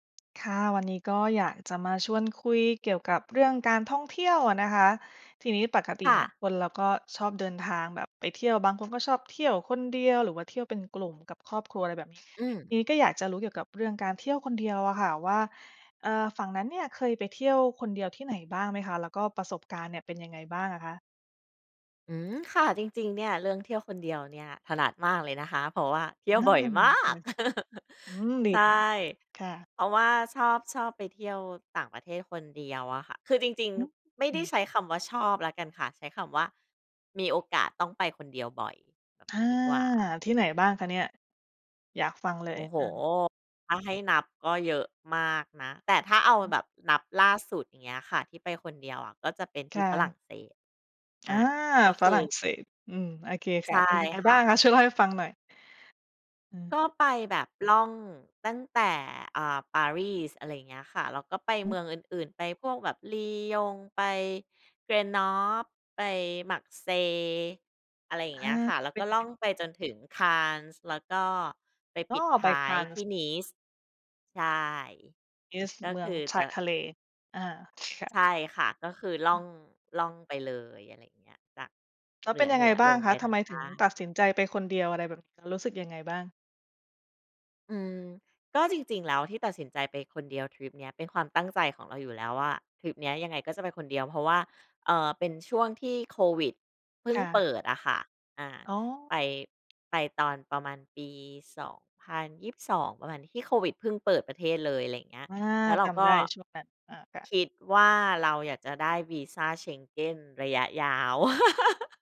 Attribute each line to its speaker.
Speaker 1: ค่ะ วันนี้ก็อยากจะมาชวนคุยเกี่ยวกับเรื่องการท่องเที่ยวอะนะคะ ทีนี้ปกติ
Speaker 2: ค่
Speaker 1: เนี่ย
Speaker 2: ะ
Speaker 1: คนเราก็ชอบเดินทางแบบไปเที่ยว บางคนก็ชอบ เที่ยวคนเดียว หรือว่าเที่ยวเป็น กลุ่มกับครอบครัวอะไรแบบ นี้
Speaker 2: อื
Speaker 1: ท
Speaker 2: ม
Speaker 1: ีนี้ก็อยากจะรู้เกี่ยวกับเรื่องการเที่ยวคนเดียวอะค่ะว่า เอ่อ ฝั่งนั้นเนี่ยเคยไปเที่ยวคนเดียวที่ไหนบ้างไหมคะ แล้วก็ ประสบการณ์เนี่ยเป็นยังไงบ้างอะคะ?
Speaker 2: อืม ค่ะ จริง ๆ เนี่ย เรื่องเที่ยวคนเดียวเนี่ย ถนัดมากเลยนะคะ เพราะว่าเที่ยว
Speaker 1: เริ่
Speaker 2: บ
Speaker 1: ม
Speaker 2: ่อย
Speaker 1: จะม
Speaker 2: ม
Speaker 1: ี
Speaker 2: า
Speaker 1: ค่
Speaker 2: ก
Speaker 1: ะ อืม ดี
Speaker 2: ใช่
Speaker 1: ค่ะ ค่ะ
Speaker 2: เพราะว่าชอบ ชอบไปเที่ยวต่างประเทศคนเดียวอะค่ะ คือจริง
Speaker 1: อือ
Speaker 2: ๆ ไม่
Speaker 1: ฮึ อ
Speaker 2: ไ
Speaker 1: ื
Speaker 2: ด้
Speaker 1: อ
Speaker 2: ใช้คำว่า ชอบแล้วกันค่ะ ใช้คำว่า มีโอกาสต้องไปคนเดียวบ่อยแบบ
Speaker 1: อา
Speaker 2: นี้ดีกว่า
Speaker 1: ค่ะ ที่ไหนบ้าง
Speaker 2: อื
Speaker 1: คะ
Speaker 2: ม
Speaker 1: เนี่ย? อยากฟังเล
Speaker 2: โอ
Speaker 1: ย
Speaker 2: ้โฮ
Speaker 1: อา
Speaker 2: ถ้า ให้นับก็เยอะมากนะ แต่ถ้าเอา
Speaker 1: อื
Speaker 2: แบ
Speaker 1: ม
Speaker 2: บนับล่าสุด อย่างเงี้ยค่ะ ที่ไปคนเดียวอะ ก็จะเป็นท
Speaker 1: ค
Speaker 2: ี่
Speaker 1: ่
Speaker 2: ฝรั่
Speaker 1: ะ
Speaker 2: งเศส อ
Speaker 1: อ
Speaker 2: า
Speaker 1: า
Speaker 2: ก็ ค
Speaker 1: ฝ
Speaker 2: ื
Speaker 1: ร
Speaker 2: อ
Speaker 1: ั่งเศส อืม โอเค
Speaker 2: ใ
Speaker 1: ค
Speaker 2: ช
Speaker 1: ่
Speaker 2: ่
Speaker 1: ะ เป็นยังไง
Speaker 2: ค่
Speaker 1: บ้าง
Speaker 2: ะ
Speaker 1: คะ? ช่วยเล่าให้ ฟังหน่อย อืม
Speaker 2: ก็ไปแบบ ล่องตั้งแต่ อ่า ปารีส อะไรอย่างเงี้ยค่ะ แล้วก็ไป
Speaker 1: อ
Speaker 2: เม
Speaker 1: ืม
Speaker 2: ืองอื่น ๆ ไปพวกแบบ Lyon ไป Grenoble ไป Marseille อะไรอย่า
Speaker 1: อ
Speaker 2: ง
Speaker 1: า
Speaker 2: เงี้ยค่ะ แล้ว
Speaker 1: เป็
Speaker 2: ก็
Speaker 1: นย
Speaker 2: ล
Speaker 1: ั
Speaker 2: ่
Speaker 1: งไ
Speaker 2: อ
Speaker 1: ง?
Speaker 2: งไปจนถึง Cannes แล้วก็ไป
Speaker 1: อ
Speaker 2: ป
Speaker 1: ๋อ
Speaker 2: ิดท
Speaker 1: ไป
Speaker 2: ้ายที่
Speaker 1: Cannes
Speaker 2: Nice ใช่
Speaker 1: Nice
Speaker 2: ก็
Speaker 1: เมื
Speaker 2: ค
Speaker 1: อง
Speaker 2: ือ
Speaker 1: ช
Speaker 2: จ
Speaker 1: า
Speaker 2: ะ
Speaker 1: ยทะเล อา ค่
Speaker 2: ใ
Speaker 1: ะ
Speaker 2: ช่ค่ะ ก็คือล่อง ล่องไปเลย อะไรอย่างเงี้ย จาก
Speaker 1: แล้
Speaker 2: เห
Speaker 1: ว
Speaker 2: น
Speaker 1: เป็นยัง
Speaker 2: ื
Speaker 1: ไง
Speaker 2: อ
Speaker 1: บ
Speaker 2: ๆ
Speaker 1: ้
Speaker 2: ล
Speaker 1: าง
Speaker 2: ง
Speaker 1: ค
Speaker 2: ไป
Speaker 1: ะ ท
Speaker 2: ทา
Speaker 1: ำไ
Speaker 2: ง
Speaker 1: ม
Speaker 2: ใต
Speaker 1: ถ
Speaker 2: ้
Speaker 1: ึงตัดสินใจไปคนเดียวอะไรแบบนี้? รู้สึกยังไงบ้าง?
Speaker 2: อืม ก็จริง ๆ แล้ว ที่ตัดสินใจไปคนเดียวทริปนี้ เป็นความตั้งใจของเราอยู่แล้วว่า ทริปนี้ยังไงก็จะไปคนเดียว เพราะว่า เอ่อ เป็นช่วงที่โควิดเพิ่
Speaker 1: ค
Speaker 2: ง
Speaker 1: ่
Speaker 2: เป
Speaker 1: ะ
Speaker 2: ิดอะค่ะ อา
Speaker 1: อ๋อ
Speaker 2: ไป ไปตอนประมาณปี 2022 ประมาณ ที่โควิดเพิ่งเปิดประเทศเลย อะไรอย่างเงี้ย
Speaker 1: อา
Speaker 2: แล้วเร
Speaker 1: จ
Speaker 2: าก
Speaker 1: ำได
Speaker 2: ็
Speaker 1: ้ช่วงนั้น อา ค่ะ
Speaker 2: คิดว่า เราอยากจะได้วีซา Schengen ระยะยาว